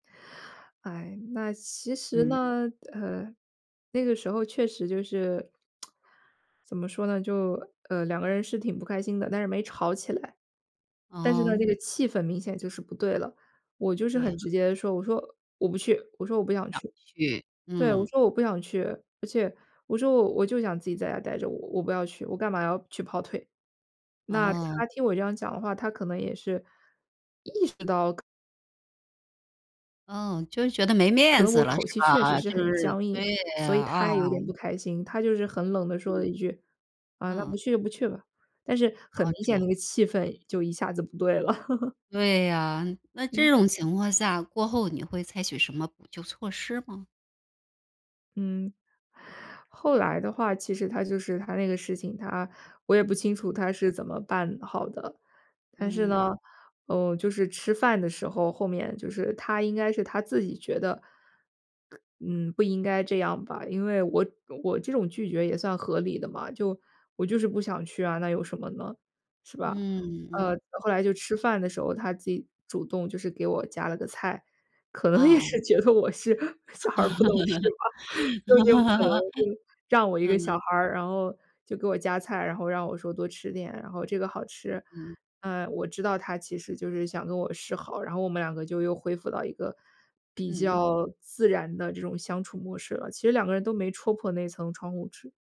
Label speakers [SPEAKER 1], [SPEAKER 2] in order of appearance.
[SPEAKER 1] 唉，那其实
[SPEAKER 2] 嗯。
[SPEAKER 1] 呢，呃，那个时候确实就是，怎么说呢？就，呃，两个人是挺不开心的，但是没吵起来。但是呢，那
[SPEAKER 2] 哦。
[SPEAKER 1] 个气氛明显就是不对了。我就是
[SPEAKER 2] 对呀。
[SPEAKER 1] 很直接地说，我说：“我不去。”我说：“我不想
[SPEAKER 2] 不想
[SPEAKER 1] 去。”
[SPEAKER 2] 去，
[SPEAKER 1] 对，我
[SPEAKER 2] 嗯。
[SPEAKER 1] 说：”我不想去。”而且我说：“我我就想自己在家呆着，我我我不要去，我干嘛要去跑腿。”那
[SPEAKER 2] 哦。
[SPEAKER 1] 他听我这样讲的话，他可能也是意识到可
[SPEAKER 2] 嗯，就是觉得没
[SPEAKER 1] 可
[SPEAKER 2] 面
[SPEAKER 1] 能我
[SPEAKER 2] 子了，
[SPEAKER 1] 口
[SPEAKER 2] 是
[SPEAKER 1] 气确实
[SPEAKER 2] 吧？
[SPEAKER 1] 是
[SPEAKER 2] 就
[SPEAKER 1] 很
[SPEAKER 2] 是
[SPEAKER 1] 僵硬，
[SPEAKER 2] 对
[SPEAKER 1] 所以
[SPEAKER 2] 啊，
[SPEAKER 1] 他也有点不
[SPEAKER 2] 啊。
[SPEAKER 1] 开心。他就是很冷地说了
[SPEAKER 2] 嗯。
[SPEAKER 1] 一句：“啊，那不
[SPEAKER 2] 嗯。
[SPEAKER 1] 去就不去吧。”但是很
[SPEAKER 2] 哦，
[SPEAKER 1] 明
[SPEAKER 2] 这
[SPEAKER 1] 显
[SPEAKER 2] 样。
[SPEAKER 1] 那个气氛就一下子不对了。
[SPEAKER 2] 对呀。那这
[SPEAKER 1] 嗯。
[SPEAKER 2] 种情况下，过后你会采取什么补救措施吗？
[SPEAKER 1] 嗯，后来的话其实他就是他那个事情，他我也不清楚他是怎么办好的。但是
[SPEAKER 2] 嗯。
[SPEAKER 1] 呢，嗯，就是吃饭的时候后面就是他应该是他自己觉得，嗯，不应该这样吧。因为我我这种拒绝也算合理的嘛，就我就是不想去啊，那有什么呢？是吧？
[SPEAKER 2] 嗯
[SPEAKER 1] 呃，
[SPEAKER 2] 嗯。
[SPEAKER 1] 后来就吃饭的时候，他自己主动就是给我夹了个菜。可能也是
[SPEAKER 2] 哦。
[SPEAKER 1] 觉得我是小孩儿不懂事吧，就是这种可能，嗯，让我一个小
[SPEAKER 2] 嗯。
[SPEAKER 1] 孩儿。然后就给我夹菜，然后让我说多吃点，然后这个好吃。
[SPEAKER 2] 嗯。
[SPEAKER 1] 啊，我知道他其实就是想跟我示好，然后我们两个就又恢复到一个比
[SPEAKER 2] 嗯。
[SPEAKER 1] 较自然的这种相处模式了，其实两个人都没戳破那层窗户纸。